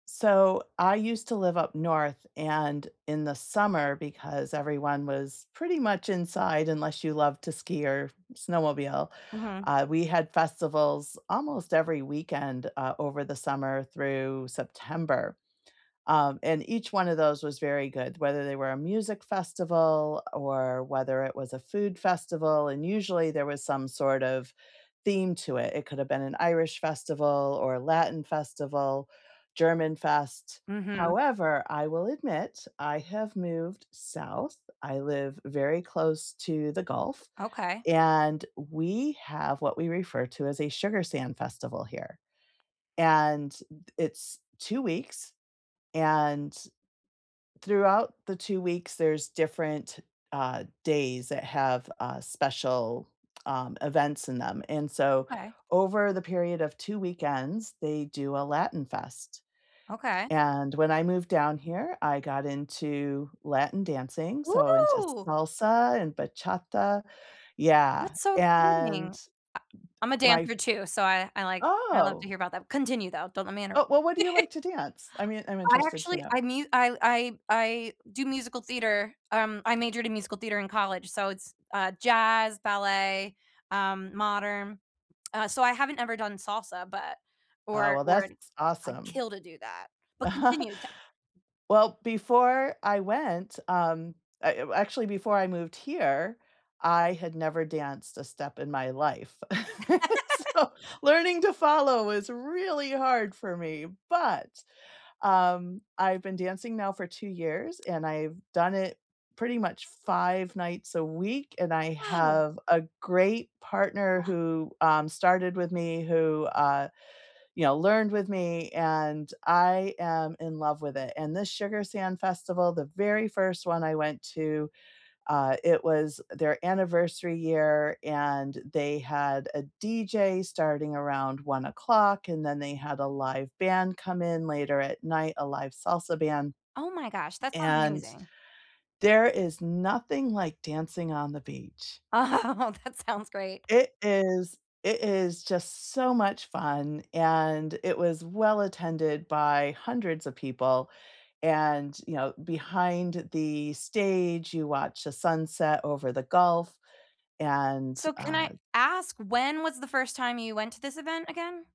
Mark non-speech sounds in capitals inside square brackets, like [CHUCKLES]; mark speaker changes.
Speaker 1: So, I used to live up North, and in the summer, because everyone was pretty much inside, unless you love to ski or snowmobile,
Speaker 2: Mhm.
Speaker 1: uh, we had festivals almost every weekend, uh, over the summer through September. Um, and each one of those was very good, whether they were a music festival or whether it was a food festival. And usually there was some sort of theme to it. It could've been an Irish festival or a Latin festival, Germanfest.
Speaker 2: Mhm.
Speaker 1: However, I will admit, I have moved South, I live very close to the Gulf,
Speaker 2: Okay.
Speaker 1: and we have what we refer to as a Sugar Sand Festival, here. And th it's 2 weeks. And, throughout the 2 weeks, there's different, uh, days that have, uh, special, um, events in them. And so,
Speaker 2: Okay.
Speaker 1: over the period of 2 weekends, they do a Latin Fest,
Speaker 2: Okay.
Speaker 1: and when I moved down here, I got into Latin dancing, so into
Speaker 2: [WHOOPS]
Speaker 1: salsa and bachata Yeah,
Speaker 2: That's so
Speaker 1: and
Speaker 2: exciting. I
Speaker 1: d
Speaker 2: I'm a
Speaker 1: my f
Speaker 2: dancer too, so I I like I love to
Speaker 1: Oh!
Speaker 2: hear about that continue, though. Don't let me
Speaker 1: Oh,
Speaker 2: interrupt.
Speaker 1: wha what do you like
Speaker 2: [LAUGHS]
Speaker 1: to dance? I mean, I'm
Speaker 2: I
Speaker 1: interested to
Speaker 2: actually
Speaker 1: know.
Speaker 2: I mu I I I do musical theater, um, I majored in musical theater in college. So it's, uh, jazz, ballet, um, modern. So, I haven't ever done salsa, but
Speaker 1: Uh,
Speaker 2: or
Speaker 1: well,
Speaker 2: or
Speaker 1: that's
Speaker 2: I'd
Speaker 1: awesome.
Speaker 2: kill to do that. But
Speaker 1: [CHUCKLES]
Speaker 2: continue, ta
Speaker 1: Well, before I went, um, uh, I uh, eh, actually, before I moved here, I had never danced a step in my life, [LAUGHS]
Speaker 2: [LAUGHS]
Speaker 1: so, earning to follow was really hard for me, but, um, I've been dancing now for 2 years, and I've done it pretty much 5 nights a week, and I
Speaker 2: Oh.
Speaker 1: have a great partner
Speaker 2: [GASPS]
Speaker 1: who, um, started with me, who, uh you know, learned with me, and I am in love with it. And this Sugar Sand Festival, the very 1st 1 I went to, uh, it was, eh, their anniversary year and they had a DJ starting around 01:00, and then they had a live band come in later at night, a live salsa band.
Speaker 2: Oh my gosh, that sounds
Speaker 1: And,
Speaker 2: amazing.
Speaker 1: there is nothing like dancing on the beach.
Speaker 2: Oh, that sounds great.
Speaker 1: It is it is just so much fun, and it was well attended by hundreds of people. And, you know, behind the stage, you watch the sunset over the Gulf, and,
Speaker 2: So, can I
Speaker 1: uh
Speaker 2: ask when was the 1st time you went to this event, again?